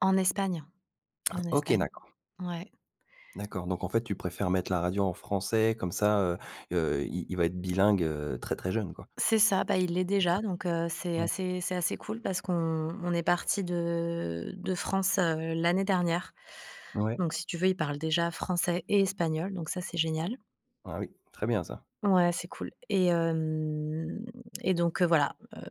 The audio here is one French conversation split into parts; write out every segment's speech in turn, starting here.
En Espagne, en OK, Espagne. d'accord. Ouais. D'accord, donc en fait tu préfères mettre la radio en français, comme ça, heu heu, il il va être bilingue, heu, très, très jeune quoi? C'est ça, bah, il l'est C'est ça? déjà donc heu, c'est Ouais. assez c'est assez cool parce qu'on on est partis de de France, heu, l'année dernière. Ouais. Donc si tu veux, il parle déjà français et espagnol, donc ça c'est génial. Ah oui, très bien ça. Ouais, c'est cool. Et hem et donc heu, voilà, heu,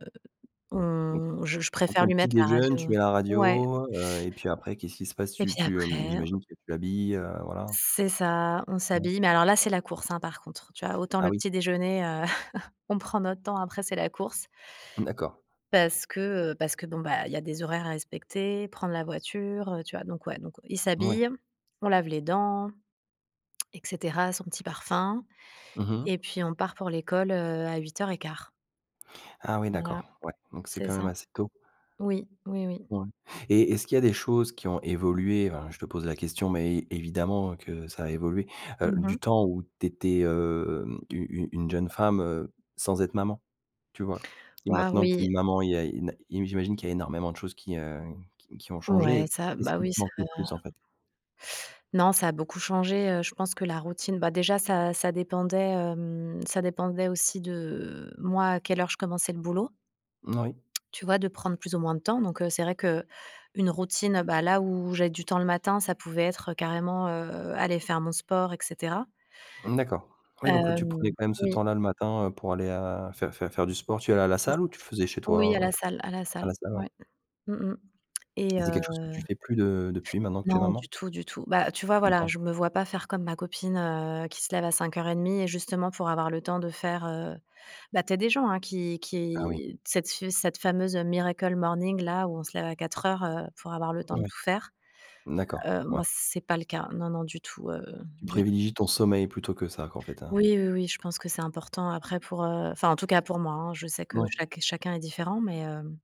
Mmh on je je donc préfère on lui petit mettre la déjeune, radio, tu heu mets la ouais. radio, heu et puis après qu'est-ce qui se passe? Et Tu puis tu, heu, après j'imagine que tu l'habilles, heu, voilà? C'est ça, on Ouais. s'habille. Mais alors là, c'est la course, hein, par contre. Tu vois, autant Ah le oui? petit déjeuner, heu, on prend notre temps, après c'est la course D'accord. parce que, heu, parce que bon, bah, il y a des horaires à respecter, prendre la voiture, heu, tu vois donc ouais donc il Mouais. s'habille, on lave les dents et cetera, son petit parfum. Mmh Et mh. puis on part pour l'école, heu, à 8:15. Ah oui, Ouais, d'accord, ouais donc c'est c'est quand ça. même assez tôt. Oui, oui, oui. Ouais et est-ce qu'il y a des choses qui ont évoluées, enfin, je te pose la question, mais é évidemment que ça a évolué, heu, Mmh du mh. temps où tu étais, hem, une une une jeune femme, heu, sans être maman, tu vois? Et Waouh, maintenant que tu es oui. une maman, il y a une j'imagine qu'il y a énormément de choses qui, heu, qui qui ont Ouais changées, ça, qu'est ce bah qui te oui, ça, manque heu le plus en fait? Non ça a beaucoup changé, heu, je pense que la routine bah, déjà ça ça dépendait, hem, ça dépendait aussi de moi, à quelle heure je commençais le boulot Moui. tu vois, de prendre plus ou moins de temps. Donc heu, c'est vrai qu'une routine, heu bah ,là où j'ai du temps le matin, ça pouvait être carrément, heu, aller faire mon sport et cetera. Mmh d'accord. Oui donc tu prenais Hem, quand même ce oui. temps là le matin, heu, pour aller, heu, faire faire faire du sport, tu allais à la C'est salle ça. ou tu faisais chez Oui, toi, à heu la salle à la à salle, la salle, ouais. ouais. Mmh mh. Et Et c'est heu quelque chose que tu fais plus de depuis maintenant que tu es Non du maman? tout, du tout. Bah tu vois, Plus le voilà, temps? je me vois pas faire comme ma copine, heu, qui se lève à 5:30 et justement pour avoir le temps de faire, heu bah, tu as des gens, hein, qui Ah oui. qui cette f cette fameuse, heu, miracle morning là, où on se lève à 4:00, heu, pour avoir le temps de Oui. tout faire. D'accord, Heu, moi, ouais. c'est pas le cas. Non, non, du tout, heu, Tu du tout. privilégies ton sommeil plutôt que ça, qu'en fait hein? Oui, oui, oui je pense que c'est important. Après pour, heu, enfin, en tout cas pour moi, hein, je sais que Mouais. chaque chacun est différent mais hem